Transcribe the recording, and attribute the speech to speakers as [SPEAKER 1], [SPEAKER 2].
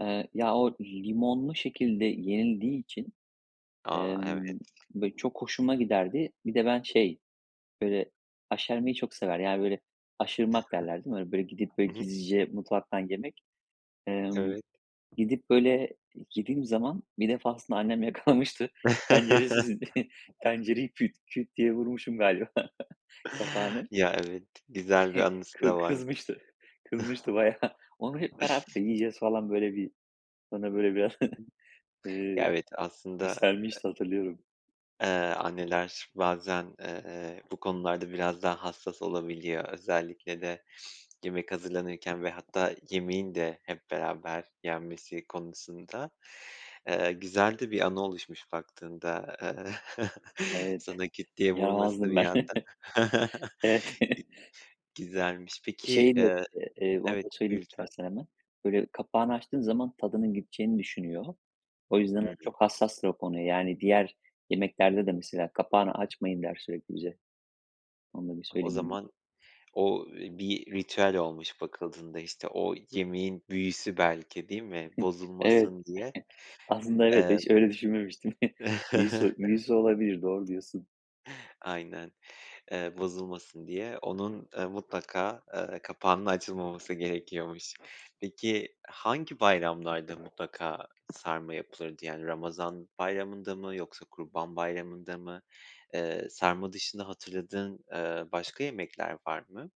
[SPEAKER 1] Iıı, ya o limonlu şekilde yenildiği için,
[SPEAKER 2] A! evet.
[SPEAKER 1] ımm, böyle çok hoşuma giderdi. Bir de ben
[SPEAKER 2] [unintelligible]
[SPEAKER 1] şey böyle aşermeyi çok sever ya böyle aşırmak derler değil mi? Hani böyle gidip böyle
[SPEAKER 2] I hı.
[SPEAKER 1] gizlice mutfaktan yemek. Emm,
[SPEAKER 2] Evet.
[SPEAKER 1] gidip böyle yediğim zaman bir defasında annem yakalamıştı tencere sesini, tencereyi küt küt diye vurmuşum galiba kapağını.
[SPEAKER 2] Ya evet güzel bir anısı
[SPEAKER 1] Kı
[SPEAKER 2] da varmış.
[SPEAKER 1] kızmıştı, kızmıştı bayağı. Onu hep beraber yiyeceğiz falan böyle bir bana böyle biraz,
[SPEAKER 2] Ya
[SPEAKER 1] ııı,
[SPEAKER 2] evet aslında,
[SPEAKER 1] yükselmişti hatırlıyorum.
[SPEAKER 2] eee, ııı, anneler bazen, eee, bu konularda biraz daha hassas olabiliyor özellikle de yemek hazırlanırken ve hatta yemeğin de hep beraber yenmesi konusunda eee, güzel de bir anı oluşmuş baktığında, eee,
[SPEAKER 1] Evet,
[SPEAKER 2] sana küt diye vurması
[SPEAKER 1] yaramazdım
[SPEAKER 2] bir
[SPEAKER 1] ben.
[SPEAKER 2] yandan
[SPEAKER 1] Evet.
[SPEAKER 2] g güzelmiş peki
[SPEAKER 1] Şeyi [unintelligible]
[SPEAKER 2] Iıı,
[SPEAKER 1] eee, onu
[SPEAKER 2] evet
[SPEAKER 1] da
[SPEAKER 2] buyur
[SPEAKER 1] söyleyeyim
[SPEAKER 2] lütfen.
[SPEAKER 1] istersen hemen. Böyle kapağını açtığın zaman tadının gideceğini düşünüyor. O yüzden
[SPEAKER 2] Hıı.
[SPEAKER 1] [unintelligible] çok hassastır o konuya yani diğer yemeklerde de mesela "Kapağını açmayın." der sürekli bize. Onu da bir
[SPEAKER 2] O
[SPEAKER 1] söyleyeyim dedim.
[SPEAKER 2] zaman o bir ritüel olmuş bakıldığında işte o yemeğin büyüsü belki değil mi?
[SPEAKER 1] Evet,
[SPEAKER 2] Bozulmasın diye.
[SPEAKER 1] aslında evet
[SPEAKER 2] Eee
[SPEAKER 1] hiç de öyle düşünmemiştim. Büyüsü büyüsü olabilir doğru diyorsun.
[SPEAKER 2] Aynen eee, bozulmasın diye onun, ııı, mutlaka, ııı, kapağının açılmaması gerekiyormuş. Peki hangi bayramlarda mutlaka sarma yapılırdı? Yani, Ramazan Bayramı'nda mı yoksa Kurban Bayramı'nda mı? Iıı, sarma dışında hatırladığın, ııı, başka yemekler var mı?